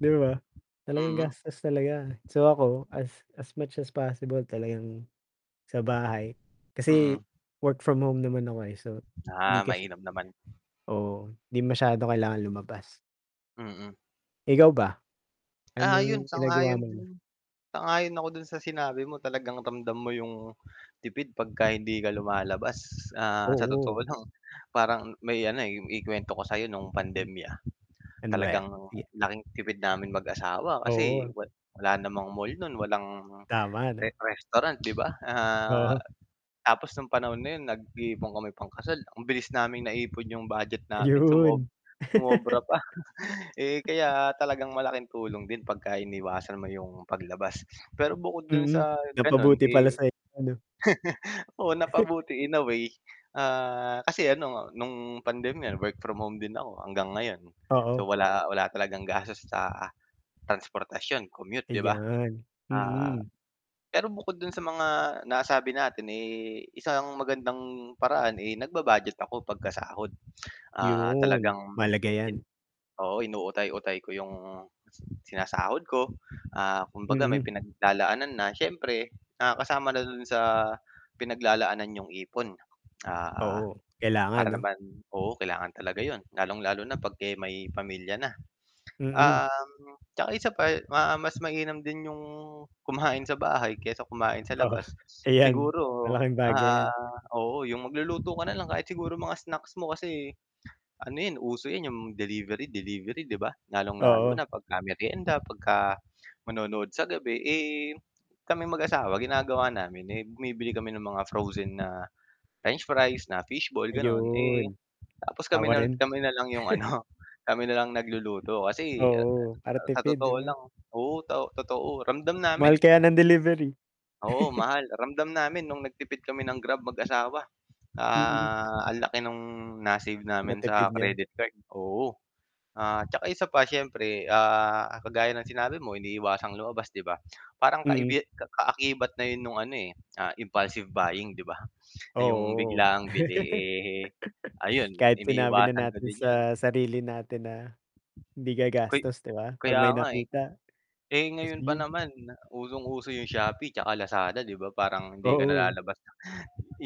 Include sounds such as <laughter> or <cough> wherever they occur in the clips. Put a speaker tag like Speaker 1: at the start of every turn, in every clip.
Speaker 1: 'Di ba, talagang
Speaker 2: Hmm
Speaker 1: gastos talaga, so, ako, as as much as possible talagang sa bahay, kasi
Speaker 2: Mm.
Speaker 1: work from home naman ako, eh, so, hindi
Speaker 2: Ah,
Speaker 1: kasi
Speaker 2: mainam naman?
Speaker 1: Oo, 'di masyado kailangan lumabas.
Speaker 2: Mm.
Speaker 1: Ikaw ba,
Speaker 2: Ah, 'yun,
Speaker 1: anong ginagawa
Speaker 2: sang-ayon
Speaker 1: mo na?
Speaker 2: din sang-ayon ako dun sa sinabi mo talagang ramdam mo yung tipid 'pagka hindi ka lumalabas, sa, sa totoo
Speaker 1: Oo.
Speaker 2: lang. Parang may, ano, eh ikuwento ko sa 'yo no'ng pandemya, <smacks lips>
Speaker 1: Ano ba ya
Speaker 2: talagang
Speaker 1: sige.
Speaker 2: laking tipid namin mag-asawa, kasi
Speaker 1: Oo.
Speaker 2: wa wala namang mall no'n, walang
Speaker 1: Tama,
Speaker 2: re
Speaker 1: 'no.
Speaker 2: restaurant, 'di ba, ah,
Speaker 1: Oo.
Speaker 2: tapos nung panahon na 'yon nag-iipon kami pangkasal. Ang bilis naming naipon 'yong budget namin, sumo
Speaker 1: Ayun <laughs>
Speaker 2: sumobra pa, eh, kaya talagang malaking tulong din 'pagka iniwasan mo yung paglabas. Pero bukod dun
Speaker 1: Hmm,
Speaker 2: sa ganun,
Speaker 1: napabuti pala
Speaker 2: eh
Speaker 1: sayo, 'no.
Speaker 2: <chuckles> oo,
Speaker 1: <chuckles>
Speaker 2: napabuti in a way, ah, kasi, ano, nung pandemya work from home din ako, hanggang ngayon.
Speaker 1: Oo.
Speaker 2: So, wala wala talagang gastos sa transportasyon, commute, 'di ba?
Speaker 1: Ayan,
Speaker 2: Ah,
Speaker 1: hmm.
Speaker 2: pero bukod dun sa mga nasabi natin, eh, isang magandang paraan, eh, nagba-budget ako pagkasahod, ah,
Speaker 1: 'Yun,
Speaker 2: talagang
Speaker 1: mahalaga 'yan.
Speaker 2: oo, inuutay-utay ko 'yong sinasahod ko, ah, kumbaga may
Speaker 1: Hmm.
Speaker 2: pinaglalaanan na, siyempre, ah kasama na do'n sa pinaglalaanan 'yong ipon, ah,
Speaker 1: Oo, kailangan,
Speaker 2: para
Speaker 1: 'no?
Speaker 2: naman oo, kailangan talaga 'yon lalong-lalo na 'pag, eh, may pamilya na.
Speaker 1: Mhm.
Speaker 2: Um, 'tsaka isa pa, ma mas mainam din 'yong kumain sa bahay, kaysa kumain sa
Speaker 1: Oo,
Speaker 2: labas,
Speaker 1: ayan,
Speaker 2: siguro,
Speaker 1: malaking bagay
Speaker 2: ah
Speaker 1: 'yan.
Speaker 2: oo, 'yung magluluto ka na lang kahit siguro mga snacks mo kasi ano 'yan, uso 'yan 'yung delivery-delivery, 'di ba? Lalong-lalo
Speaker 1: Oo.
Speaker 2: na 'pagka meryenda, 'pagka manonood sa gabi, eh, kaming mag-asawa ginagawa namin, eh, bumibili kami ng mga frozen na french fries, na fish ball, gano'n. Eh,
Speaker 1: Ayun,
Speaker 2: tapos, kami
Speaker 1: ako
Speaker 2: na
Speaker 1: rin.
Speaker 2: kami na lang 'yung,
Speaker 1: <chuckles>
Speaker 2: ano, kami na lang nagluluto kasi a a
Speaker 1: Oo, para
Speaker 2: sa
Speaker 1: tipid 'di
Speaker 2: totoo
Speaker 1: ba?
Speaker 2: lang oo, to totoo ramdam namin.
Speaker 1: Mahal kaya ng delivery.
Speaker 2: Oo,
Speaker 1: <chuckles>
Speaker 2: mahal, ramdam namin no'ng nagtipid kami ng Grab mag-asawa,
Speaker 1: Hmm.
Speaker 2: ah, ang laki ng na-save namin
Speaker 1: Natipid
Speaker 2: sa
Speaker 1: nya?
Speaker 2: credit card oo. Ah, 'tsaka isa pa siyempre, ah, kagaya ng sinabi mo iniiwasang lumabas, 'di ba? <smacks lips> Parang
Speaker 1: Mm.
Speaker 2: kaibi kaakibat na 'yon no'ng, ano, eh, ah, impulsive buying, 'di ba, ah, 'yong
Speaker 1: Oo,
Speaker 2: biglaang bili.
Speaker 1: <laughs>
Speaker 2: Eh,
Speaker 1: <sniffs>
Speaker 2: ayun
Speaker 1: kahit sinabi na
Speaker 2: iniiwasan ko
Speaker 1: natin
Speaker 2: din 'yon.
Speaker 1: sa sarili natin na, hindi
Speaker 2: Kay
Speaker 1: gagastos, 'di ba? 'Pag
Speaker 2: kaya
Speaker 1: may
Speaker 2: nga eh.
Speaker 1: nakita,
Speaker 2: Eh,
Speaker 1: ayos
Speaker 2: ngayon
Speaker 1: na
Speaker 2: pa
Speaker 1: 'yun.
Speaker 2: naman, usong uso 'yong Shopee 'tsaka Lazaada, 'di ba? Parang hindi ka na
Speaker 1: Oo.
Speaker 2: lalabas ng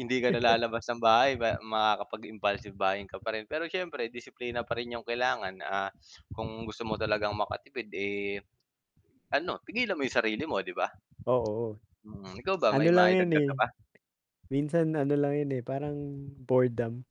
Speaker 2: hindi ka
Speaker 1: <chuckles>
Speaker 2: nalalabas ng bahay pe makakapag-impulsive buying ka pa rin. Pero, siyempre, disiplina pa rin 'yong kailangan, ah, kung gusto mo talagang makatipid, eh, ano, pigilan mo 'yong sarili mo, 'di ba?
Speaker 1: Oo,
Speaker 2: Hmm, ikaw ba,
Speaker 1: ano
Speaker 2: may
Speaker 1: lang 'yun,
Speaker 2: maidagdag
Speaker 1: eh,
Speaker 2: ka pa?
Speaker 1: minsan ano lang yun, eh, parang boredom.